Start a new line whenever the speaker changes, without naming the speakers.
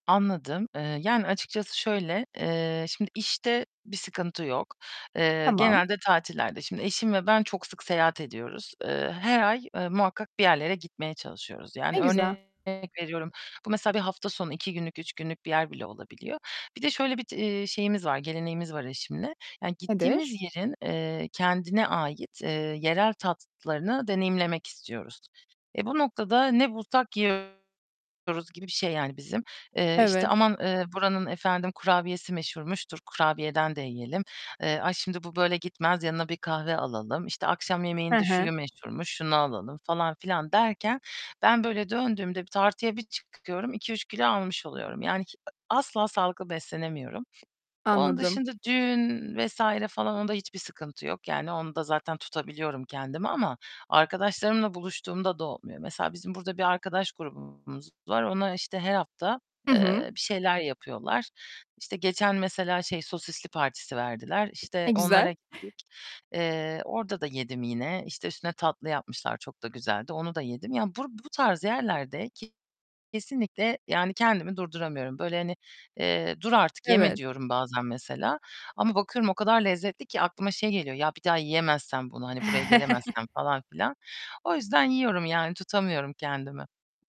Anladım. Eee, yani açıkçası şöyle, eee, şimdi işte bir sıkıntı yok. Eee,
Tamam.
genelde tatillerde. Şimdi eşim ve ben çok sık seyahat ediyoruz. Eee, her ay, eee, muhakkak bir yerlere gitmeye çalışıyoruz
Ne
yani
güzel.
örnek veriyorum, bu mesela bir hafta sonu 2 günlük, 3 günlük bir yer bile olabiliyor. Bir de şöyle bir, c eee, şeyimiz var, geleneğimiz var eşimle yani gittiğimiz
Nedir?
yerin, eee, kendine ait, eee, yerel tatlarını deneyimlemek istiyoruz. Eee, bu noktada ne bulsak yiyoruz gibi bir şey yani bizim. Eee, işte,
Evet.
"Aman, eee, buranın efendim kurabiyesi meşhurmuş, dur kurabiyeden de yiyelim." Eee, "Ay şimdi bu böyle gitmez, yanına bir kahve alalım, işte, akşam
Hı
yemeğinde
hı.
şuyu meşhurmuş, şunu alalım falan filan." derken ben böyle döndüğümde bir tartıya bir çıkıyorum, 2-3 kilo almış oluyorum yani hi asla sağlıklı beslenemiyorum. Onun
Anladım.
dışında düğün vs. falan onda hiçbir sıkıntı yok yani onda zaten tutabiliyorum kendimi ama arkadaşlarımla buluştuğumda da olmuyor. Mesela bizim burada bir arkadaş grubumuz var. Onlar işte her hafta,
Hı hı.
eee, bir şeyler yapıyorlar. İşte geçen mesela şey sosisli partisi verdiler.
E,
İşte
güzel.
onlara gittik. Eee, orda da yedim yine. İşte üstüne tatlı yapmışlar. Çok da güzeldi. Onu da yedim. Ya bur bu tarz yerlerde kesinlikle yani kendimi durduramıyorum. Böyle hani, eee, "Dur artık yeme."
Evet.
diyorum bazen mesela ama bakıyorum o kadar lezzetli ki aklıma şey geliyor, "Ya bir daha yiyemezsem bunu? Hani buraya gelemezsem falan filan." O yüzden yiyorum yani tutamıyorum kendimi.